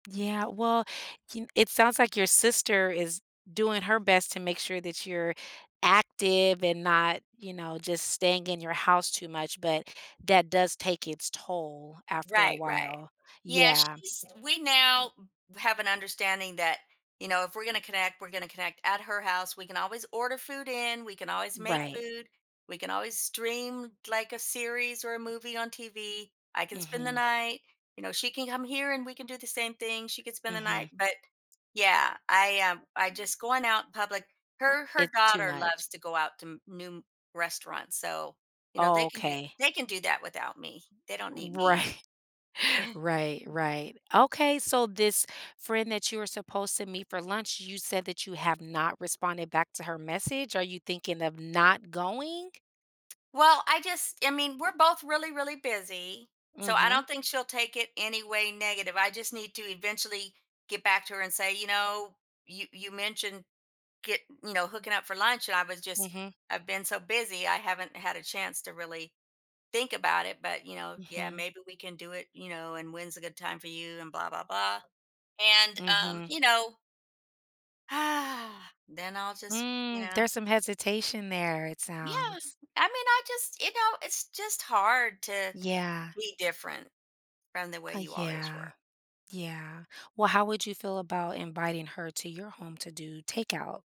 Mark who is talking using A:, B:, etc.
A: Yeah, well, you kn it sounds, like, your sister is doing her best to make sure that you're active and not, you know, just staying in your house too much, but that does take its toll after a
B: Right, right.
A: while,
B: Yeah,
A: yeah.
B: she’s we now, mm, have an understanding that, you know, if we're gonna connect we're gonna connect at her house, we can always order food in, we can always make
A: Right.
B: food, we can always stream, like, a series or a movie on TV, I can spend the
A: Mhm.
B: night, you know, she can come here and we can do the same thing, she could spend the night,
A: Mhm.
B: but, yeah, I, um, I just going out public her her
A: It's too
B: daughter
A: much.
B: loves to go out to m new restaurants, so, you know, they can do
A: Okay.
B: they can do that without me; they don't need me.
A: Right. Right, right, okay, so this friend that you were supposed to meet for lunch, you said that you have not responded back to her message, are you thinking of not going?
B: Well, I just I mean, we're both really, really busy, so I
A: Mhm.
B: don't think she'll take it any way negative, I just need to eventually get back to her and say, you know, "You you mentioned, get you know, hooking up for lunch, and I was just
A: Mhm.
B: I've been so busy I haven't had a chance to really think about it, but, you know, yeah,
A: Mhm.
B: maybe we can do it, you know, and when's a good time for you?" and blah, blah, blah, and, um,
A: Mhm.
B: you know then I'll just, you
A: Hmm,
B: know?
A: there's some hesitation there, it
B: Yeah!
A: sounds.
B: I mean, I just you know, it's just hard to
A: Yeah.
B: be different from the way
A: Uh,
B: you always
A: yeah.
B: were.
A: Yeah, well, how would you feel about inviting her to your home to do takeout?